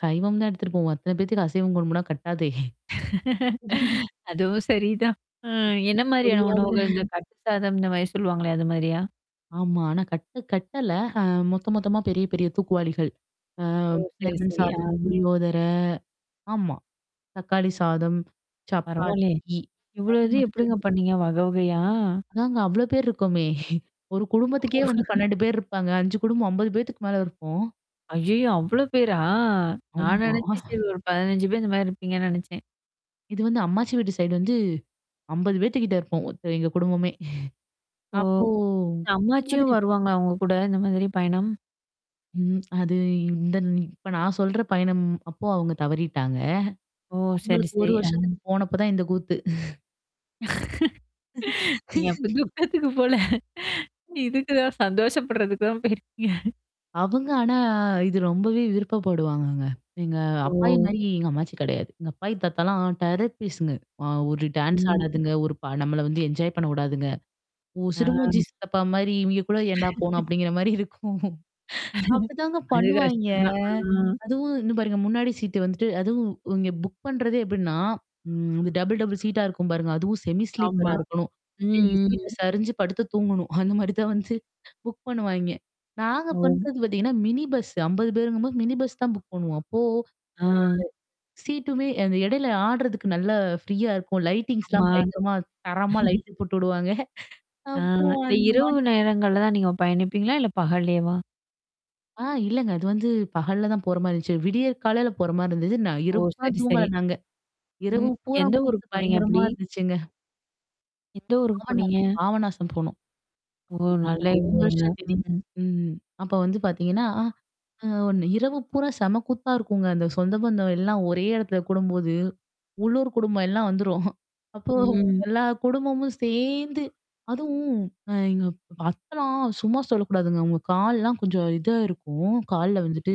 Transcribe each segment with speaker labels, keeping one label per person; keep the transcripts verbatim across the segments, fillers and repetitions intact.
Speaker 1: சைவம் தான் எடுத்துட்டு போவோம். அத்தன பேத்துக்கு அசைவம் கொடும்முனா கட்டாதே!
Speaker 2: அதுவும் சரிதான். அ என்ன மாதிரியான
Speaker 1: புளியோதரை
Speaker 2: உணவுகள்? இந்த கட்டு சாதம் இந்தமாரி சொல்லுவாங்களே! அது மாரியா?
Speaker 1: ஆமா. ஆனா கட்டு கட்டல. அ மொத்த, மொத்தமா பெரிய, பெரிய தூக்குவாளிகள். ஆ
Speaker 2: ஓ! சரி,
Speaker 1: லெமன்
Speaker 2: சரி. ஆ.
Speaker 1: சாதம், புளியோதரை. ஆமா. தக்காளி சாதம்.
Speaker 2: பரவால்லயே!
Speaker 1: சப்பாத்தி.
Speaker 2: இவ்ளோ
Speaker 1: அது
Speaker 2: இது
Speaker 1: மட்டும் தான்
Speaker 2: எப்பிடிங்க
Speaker 1: குடு
Speaker 2: பண்ணீங்க? வகை, வகையா?
Speaker 1: அதாங்க. அவ்ளோ பேர் இருக்கோமே! ஒரு
Speaker 2: ஓ.
Speaker 1: குடும்பத்துக்கே வந்து பன்னெண்டு பேர் இருப்பாங்க. அஞ்சு குடும்பம் அம்பது பேத்துக்கு மேல இருப்போம்.
Speaker 2: ஐயய்யோ! அவ்ளோ பேரா! நான்
Speaker 1: ஆமா
Speaker 2: நினச்சேன் சரி ஒரு பதினைஞ்சு பேர் இந்தமாரி இருப்பீங்கன்னு நெனச்சேன்.
Speaker 1: இது வந்து அம்மாச்சி வீட்டு சைடு வந்து, அம்பது பேத்துக்கிட்ட இருப்போம். ஒருத்த எங்க குடும்பமே.
Speaker 2: ஓ!
Speaker 1: அப்போ அந்த
Speaker 2: அம்மாச்சியும்
Speaker 1: மாதிரி
Speaker 2: வருவாங்களா! உங்க கூட இந்த மாதிரி பயணம்.
Speaker 1: ம். அது இ இந்த இப்ப நான் சொல்ற பயணம் அப்போ, அவுங்க தவறிட்டாங்க.
Speaker 2: ஓ! சரி,
Speaker 1: அவுங்களுக்கு ஒரு
Speaker 2: சரி. ஆ.
Speaker 1: வருஷத்துக்கு போனப்ப தான் இந்த கூத்து.
Speaker 2: நீங்க அப்ப துக்கத்துக்கு போல.
Speaker 1: ம்.
Speaker 2: இதுக்குதான் சந்தோஷப்படுறதுக்கு தான் போயிருக்கீங்க.
Speaker 1: அவங்க, ஆனா இது ரொம்பவே விருப்பப்படுவாங்கங்க. எங்க
Speaker 2: ஓ!
Speaker 1: அப்பாயிமாரி எங்க அம்மாச்சி கிடையாது. எங்க அப்பாயி தாத்தாலாம் டெரர் ஃபீஸ்ங்க அ ஒரு டான்ஸ்
Speaker 2: ம்.
Speaker 1: ஆடாதுங்க. ஒரு ப நம்மள வந்து என்ஜாய் பண்ணக்விடாதுங்க. ஓ!
Speaker 2: ஆ.
Speaker 1: சிடுமூஞ்சி சித்தப்பாமாரி, இவங்க கூட ஏன்டா போணும்! அப்பிடிங்கிறமாரி இருக்கும். அப்பிடிதாங்க
Speaker 2: அது
Speaker 1: பண்ணுவாய்ங்க.
Speaker 2: கஷ்டம் தான். ஆ.
Speaker 1: அதுவும் இன்னும் பாருங்க. முன்னாடி சீட்டு வந்துட்டு அதுவும் இங்க புக் பண்றதே எப்பிடின்னா, ம் டபுள், டபுள் சீட்டா இருக்கும் பாருங்க. அதுவும் செமி
Speaker 2: ஆமா.
Speaker 1: ஸ்லீப்பரா இருக்கணும்.
Speaker 2: ம்,
Speaker 1: [unintelligible] சீட்ட
Speaker 2: ம்.
Speaker 1: சரிஞ்சு, படுத்து தூங்கணும். அந்தமாரி தான் வந்து புக் பண்ணுவாய்ங்க. நாங்க
Speaker 2: ஓ!
Speaker 1: பண்றது பார்த்தீங்கன்னா, மினி பஸ். அம்பது பேருங்கம்போது மினி பஸ் தான் புக் பண்ணுவோம். அப்போ, ஆ.
Speaker 2: ஆ.
Speaker 1: சீட்டுமே அந்த இடையில ஆடுறதுக்கு நல்லா ஃப்ரீயா இருக்கும்.
Speaker 2: ஆமா.
Speaker 1: லைட்டிங்ஸ்லாம் பயங்கரமா தரமா லைட்டு போட்டு விடுவாங்க.
Speaker 2: ஆ,
Speaker 1: அப்போ
Speaker 2: இந்த
Speaker 1: அந்த
Speaker 2: இரவு
Speaker 1: மாதிரி.
Speaker 2: நேரங்கள்ல தான் நீங்க பயணிப்பீங்களா? இல்ல பகல்லேவா?
Speaker 1: ஆ. இல்லங்க. அது வந்து பகல்ல தான் போறமாரி இருந்துச்சு. விடியற்காலையில போறமாரி இருந்துச்சு. நான்
Speaker 2: ஓ!
Speaker 1: இரவெல்லாம்
Speaker 2: சரி, சரி.
Speaker 1: தூங்கல நாங்க. இரவு
Speaker 2: ம். எந்த
Speaker 1: பூராம் கூத்து,
Speaker 2: ஊருக்கு போனீங்க
Speaker 1: பயங்கரமா
Speaker 2: அப்பிடி?
Speaker 1: இருந்துச்சுங்க.
Speaker 2: எந்த ஊரு
Speaker 1: பாபநாசம்
Speaker 2: போனீங்க?
Speaker 1: பாபநாசம் போணோம்.
Speaker 2: ஓ!
Speaker 1: ஆமாங்க.
Speaker 2: நல்ல இந்த
Speaker 1: ஒரு வருஷ
Speaker 2: ஊருங்க.
Speaker 1: திதி.
Speaker 2: ம்.
Speaker 1: ம் அப்ப வந்து பார்த்தீங்கன்னா, அ, அ ஒண்ணு இரவு பூரா செம கூத்தா இருக்குங்க. அந்த சொந்த பந்தம் எல்லாம் ஒரே இடத்துல கூடும்போது. உள்ளூர் குடும்பம் எல்லாம் வந்துரும். அப்போ
Speaker 2: ம்.
Speaker 1: எல்லா குடும்பமும் சேர்ந்து அதுவும் அ எங்க அப் அத்தல்லாம் சும்மா சொல்லக்கூடாதுங்க. அவுங்க கால்லாம் கொஞ்சம் இதா இருக்கும். கால்ல வந்துட்டு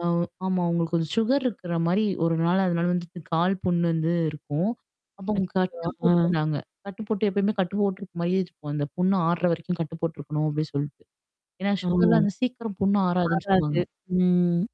Speaker 1: ஆ, ஆமா அவுங்களுக்கு கொஞ்சம் சுகர் இருக்கிற மாரி ஒரு நாள் அதனால வந்துட்டு கால் புண்ணு வந்து இருக்கும். அப்ப அவுங்க
Speaker 2: அச்சச்சோ!
Speaker 1: கட்டு
Speaker 2: ஆ.
Speaker 1: போட்டுருந்தாங்க. கட்டு போட்டு எப்பயுமே கட்டு போட்டுருக்கு மாரியே வச்சிக்குவோம். அந்த புண்ணு ஆறுற வரைக்கும் கட்டு போட்டுருக்கணும் அப்பிடின்னு சொல்ட்டு. ஏன்னா, சுகர்லாம் அந்த சீக்கிரம் புண்ணு ஆறாதுன்னு சொல்லுவாங்க.
Speaker 2: ஓ.வராது. ம்.